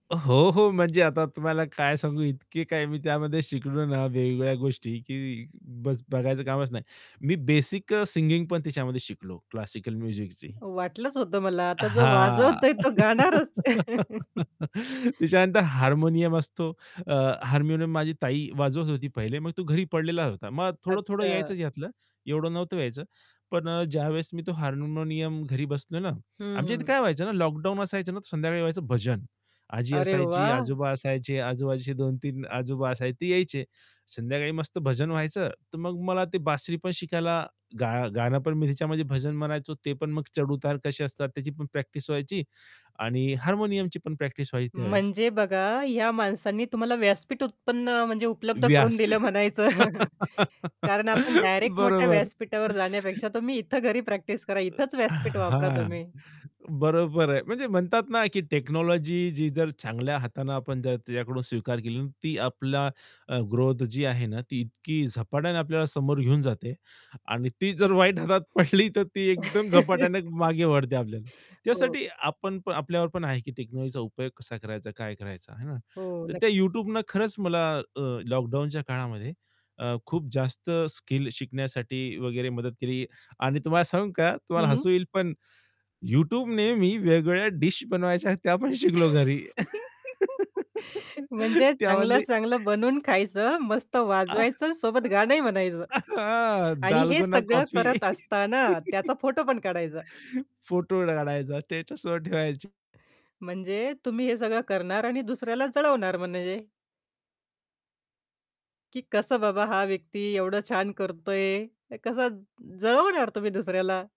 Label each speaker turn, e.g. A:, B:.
A: अ, हो, हो. म्हणजे आता तुम्हाला काय सांगू इतकी काही मी त्यामध्ये शिकलो ना वेगवेगळ्या गोष्टी की बस बघायचं कामच नाही. मी बेसिक अ, सिंगिंग पण त्याच्यामध्ये शिकलो क्लासिकल म्युझिकची.
B: वाटलंच होतं मला आता जो
A: हां,
B: वाजवतोय तो गाणारच.
A: त्याच्यानंतर हार्मोनियम असतो. अ, हार्मोनियम माझी ताई वाजवत होती पहिले मग तो घरी पडलेला होता. मग थोडं-थोडं
B: अच्छा.
A: यायचंच यातलं, एवढं नव्हतं यायचं. पण अ, ज्यावेळेस मी तो हार्मोनियम घरी बसलो ना
B: हं,
A: आमच्या इथे
B: हं.
A: काय व्हायचं ना, लॉकडाउन असायचं ना. तर संध्याकाळी व्हायचं भजन. आजी
B: अरे
A: असायची,
B: वाह!
A: आजोबा असायचे, आजूबाजूचे 2-3 आजोबा असायचे ते यायचे. संध्याकाळी मस्त भजन व्हायचं. तर मग मला ते बासरी पण शिकायला गा गाणं पण मी त्याच्यामध्ये भजन म्हणायचो, ते पण मग चढ-उतार कसे असतात, त्याची पण प्रॅक्टिस व्हायची आणि हार्मोनियमची पण प्रॅक्टिस व्हायची त्यावेळेस.
B: म्हणजे बघा, या माणसांनी तुम्हाला व्यासपीठ उत्पन्न म्हणजे उपलब्ध करून
A: व्यास
B: दिलं म्हणायचं. कारण आपण डायरेक्ट मोठ्या
A: बरोबर.
B: व्यासपीठावर जाण्यापेक्षा तुम्ही इथे घरी प्रॅक्टिस करा. इथेच
A: अ,
B: व्यासपीठ वापरा
A: हां,
B: तुम्ही.
A: बरोबर आहे म्हणजे म्हणतात ना की टेक्नॉलॉजी जी जर चांगल्या हाताने आपण त्या त्याच्याकडून स्वीकार केले, ती आपला अ, ग्रोथ जी आहे ना, ती इतकी झपाट्याने आपल्याला समोर घेऊन जाते. आणि ती जर वाईट हातात पडली तर ती एकदम झपाट्याने मागे ओढते आपल्याला.
B: हो.
A: त्यासाठी आपण पण आपल्यावर पण आहे की टेक्नॉलॉजीचा उपयोग कसा करायचा, काय करायचा, आहे ना?
B: हो,
A: तर त्या
B: नक्कीच.
A: YouTubeनं खरंच मला अ, लॉकडाउनच्या काळामध्ये, अ, खूप जास्त स्किल शिकण्यासाठी वगैरे मदत केली. आणि तुम्हाला सांगू का, तुम्हाला
B: हं.
A: हसू येईल पण YouTubeने मी वेगवेगळ्या डीश बनवायच्या आहेत, त्या पण शिकलो घरी.
B: म्हणजे चांगलं
A: त्यामधली
B: चांगलं बनवून खायचं, मस्त
A: आ,
B: वाजवायचं, सोबत
A: अ,
B: गाणंही म्हणायचं. आणि हे
A: दालगुना
B: सगळं
A: कॉफी
B: करत असताना त्याचा फोटो पण काढायचा.
A: फोटो काढायचा स्टेटसवर ठेवायची.
B: म्हणजे तुम्ही हे सगळं करणार आणि दुसऱ्याला जळवणार म्हणजे की कसं बाबा हा व्यक्ती एवढं छान करतोय? क कसं जळवणार तुम्ही दुसऱ्याला.